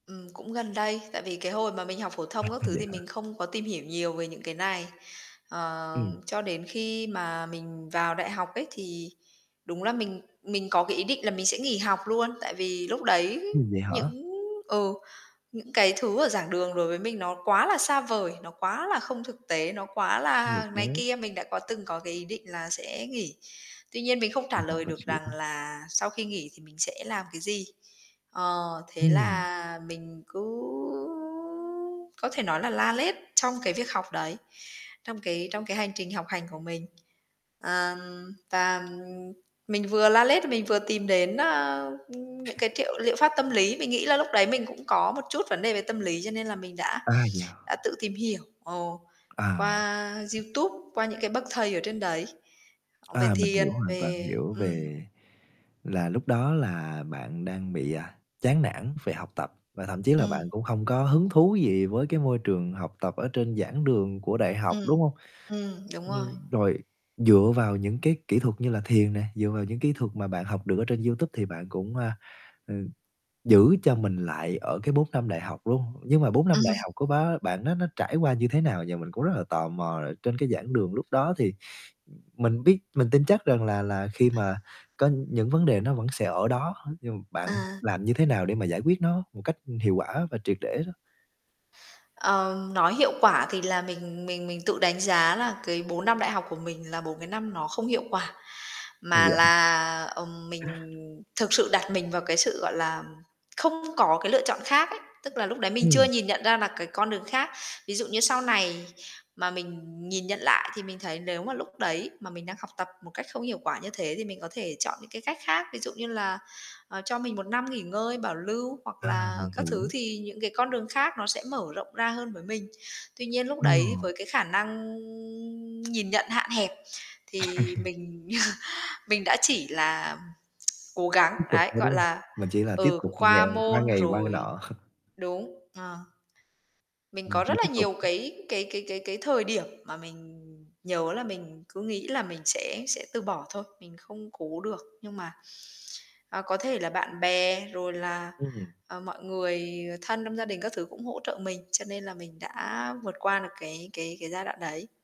Ừm, cũng gần đây, tại vì cái hồi mà mình học phổ À, thông các v thứ vậy thì hả? mình không có tìm hiểu nhiều về những cái này. Ờ, Ừm. cho đến khi mà mình vào đại học ấy thì đúng là mình mình có cái ý định là mình sẽ nghỉ học luôn, tại vì lúc đấy Ừm, vậy hả? những ừ những, cái, thứ ở giảng đường đối với mình nó quá là xa vời, nó quá là không thực tế, nó quá Nhiều là này cái. kia, mình đã có từng có cái ý định là sẽ nghỉ. Tuy nhiên mình không trả Mình hoàn lời toàn được rằng xỉu. là sau khi nghỉ thì mình sẽ làm cái gì. Ờ, thế Ừm. là mình cứ có thể nói là la lét trong cái việc học đấy, trong cái trong cái hành trình học hành của mình. À, và, ừm, mình vừa la lết mình vừa tìm đến, ờ, ừm, những cái triệu liệu pháp tâm lý. Mình nghĩ là lúc đấy mình cũng có một chút vấn đề về tâm lý cho nên là mình đã Ây dà! đã tự tìm hiểu, ồ, À. qua YouTube, qua những cái bậc thầy ở trên đấy về À, mình thiền, hiểu, hoàn toàn về hiểu ừm. về là lúc đó là bạn đang bị, à, chán nản về học tập, và thậm chí là Ừm. bạn cũng không có hứng thú gì với cái môi trường học tập ở trên giảng đường của đại học, Ừm, đúng hông? ừm, đúng rồi. Ừm, rồi dựa vào những cái kỹ thuật như là thiền nè, dựa vào những kỹ thuật mà bạn học được ở trên YouTube thì bạn cũng, a, ờ, giữ cho mình lại ở cái 4 năm đại học luôn. Nhưng mà 4 năm Ừm. đại học của bá bạn đó nó trải qua như thế nào và mình cũng rất là tò mò là trên cái giảng đường lúc đó thì, ừm, mình biết mình tin chắc rằng là là khi mà [unintelligible] có những vấn đề nó vẫn sẽ ở đó hết, nhưng m bạn À. làm như thế nào để mà giải quyết nó một cách hiệu quả và triệt để đó? Ờ, nói hiệu quả thì là mình mình mình tự đánh giá là cái 4 năm đại học của mình là 4 cái năm nó không hiệu quả. À, Mà vậy hả? là, ờm, mình thực sự đặt mình vào cái sự, gọi là, không có cái lựa chọn khác ấy, tức là lúc đấy mình chưa Ừm. nhìn nhận ra là cái con đường khác. Ví dụ như sau này mà mình nhìn nhận lại thì mình thấy nếu mà lúc đấy mà mình đang học tập một cách không hiệu quả như thế thì mình có thể chọn những cái cách khác. Ví dụ như là, ờ, cho mình 1 năm nghỉ ngơi, bảo lưu hoặc À, là mình các thứ hiểu. thì những cái con đường khác nó sẽ mở rộng ra hơn với mình. Tuy nhiên lúc đấy Ừm. với cái khả năng nhìn nhận hạn hẹp thì mình mình đã chỉ là cố gắng, Tiếp tục đấy, thôi, gọi đúng không? là, Mình chỉ là tiếp ừ, tục ngày qua qua môn ngày qua ngày rồi nọ. đúng, ờ. Mình Mình có chỉ rất là tiếp tục nhiều [unintelligible] cái cái cái cái cái thời điểm mà mình nhớ là mình cứ nghĩ là mình sẽ sẽ từ bỏ thôi, mình không cố được nhưng mà, à, có thể là bạn bè, rồi là, Ừm. ờ, mọi người thân trong gia đình các thứ cũng hỗ trợ mình, cho nên là mình đã vượt qua được cái cái cái giai đoạn đấy.